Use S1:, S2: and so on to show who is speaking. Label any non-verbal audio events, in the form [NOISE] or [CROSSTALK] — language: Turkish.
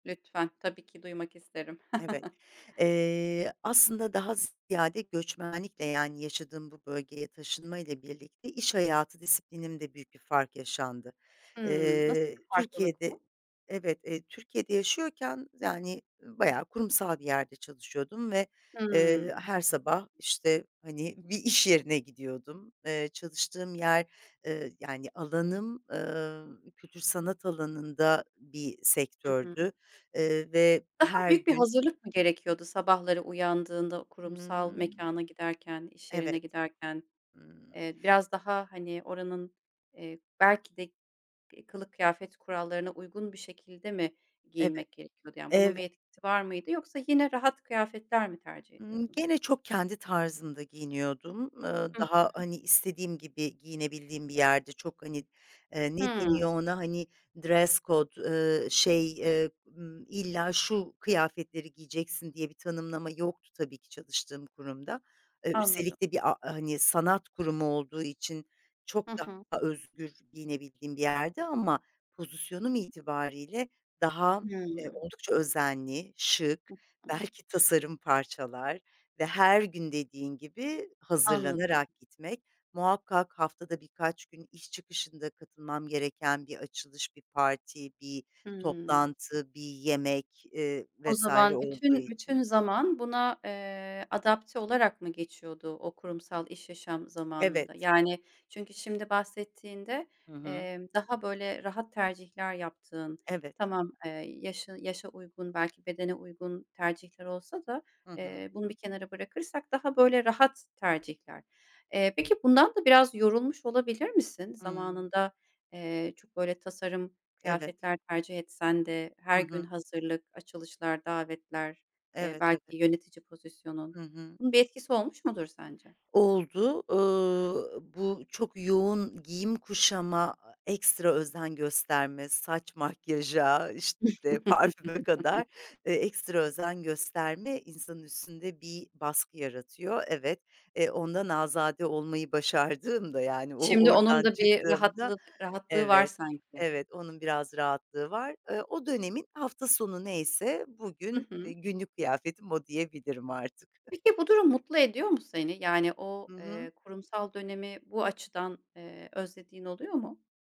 S1: Lütfen. Tabii ki duymak isterim.
S2: Evet,
S1: [CHUCKLES]
S2: eee, aslında daha z ziyade göçmenlikle yani yaşadığım bu bölgeye taşınmayla birlikte iş hayatı disiplinimde büyük bir fark yaşandı.
S1: Hımm, nasıl
S2: Eee,
S1: bir farklılık
S2: Türkiye'de,
S1: bu?
S2: evet, eee, Türkiye'de yaşıyorken yani, ııı, bayağı kurumsal bir yerde çalışıyordum ve, eee,
S1: Hımm.
S2: her sabah, işte, hani, bir iş yerine gidiyordum. Eee, çalıştığım yer, ııı, yani alanım, ııı, kültür sanat alanında bir
S1: Hı hı.
S2: sektördü, ııı, ve
S1: Daha
S2: her
S1: büyük bir
S2: gün
S1: hazırlık mı gerekiyordu? Sabahları uyandığında o kurumsal
S2: Hımm.
S1: mekâna giderken, iş yerine
S2: Evet.
S1: giderken,
S2: Hımm.
S1: eee, biraz daha, hani, oranın, eee, belki de, eee, kılık kıyafet kurallarına uygun bir şekilde mi
S2: Evet,
S1: giyinmek gerekiyordu, yani, bunun
S2: eve
S1: bir etkisi var mıydı yoksa yine rahat kıyafetler mi tercih
S2: Imm,
S1: ediyordun?
S2: gene çok kendi tarzımda giyiniyordum. Iıı,
S1: Hı
S2: daha,
S1: hı.
S2: hani, istediğim gibi giyinebildiğim bir yerdi. Çok, hani, eee, ne
S1: Hımm.
S2: deniyor ona, hani, dress code, ııı, şey, ııı, ımm, illa şu kıyafetleri giyeceksin diye bir tanımlama yoktu tabii ki çalıştığım kurumda. Iıı,
S1: Anladım.
S2: üstelik de bir a hani, sanat kurumu olduğu için çok
S1: Hı hı.
S2: daha özgür giyinebildiğim bir yerdi ama pozisyonum itibariyle daha, eee,
S1: Hımm.
S2: oldukça özenli,
S1: Hı
S2: şık,
S1: hı.
S2: belki tasarım parçalar ve her gün dediğin gibi
S1: Anladım.
S2: hazırlanarak gitmek muhakkak haftada birkaç gün iş çıkışında katılmam gereken bir açılış, bir parti, bir
S1: Hımm.
S2: toplantı, bir yemek, ııı,
S1: O
S2: vs.
S1: zaman
S2: olduğu
S1: bütün, bütün
S2: için.
S1: zaman buna, eee, adapte olarak mı geçiyordu o kurumsal iş yaşam zamanında?
S2: Evet.
S1: Yani, çünkü şimdi bahsettiğinde,
S2: Hı hı.
S1: emm, daha böyle rahat tercihler yaptığın,
S2: Evet.
S1: tamam, eee, yaşın yaşa uygun belki bedene uygun tercihler olsa da,
S2: Hı hı.
S1: eee, bunu bir kenara bırakırsak daha böyle rahat tercihler. Eee, peki bundan da biraz yorulmuş olabilir misin?
S2: Hımm.
S1: Zamanında, eee, çok böyle tasarım
S2: Evet.
S1: kıyafetler tercih etsen de,
S2: Hı
S1: her gün
S2: hı.
S1: hazırlık, açılışlar davetler, eee,
S2: Evet
S1: belki
S2: evet.
S1: yönetici pozisyonun,
S2: Hı hı.
S1: bunun bir etkisi olmuş mudur sence?
S2: Oldu, ııı, bu çok yoğun giyim kuşama, aaa, ekstra özen gösterme, saç makyaja, işte, parfüme kadar
S1: [CHUCKLES]
S2: e ekstra özen gösterme insanın üstünde bir baskı yaratıyor. Evet, e, ondan azade olmayı başardığımda, yani, o
S1: Şimdi onun
S2: oradan
S1: da bir
S2: çıktığımda
S1: rahatlık rahatlığı var
S2: evet,
S1: sanki.
S2: evet, onun biraz rahatlığı var. Iıı, o dönemin hafta sonu neyse
S1: Hı
S2: bugün
S1: hı.
S2: günlük kıyafetim o diyebilirim artık. [CHUCKLES]
S1: Peki, bu durum mutlu ediyor mu seni? Yani o,
S2: Hı hı.
S1: eee, kurumsal dönemi bu açıdan, eee, özlediğin oluyor mu?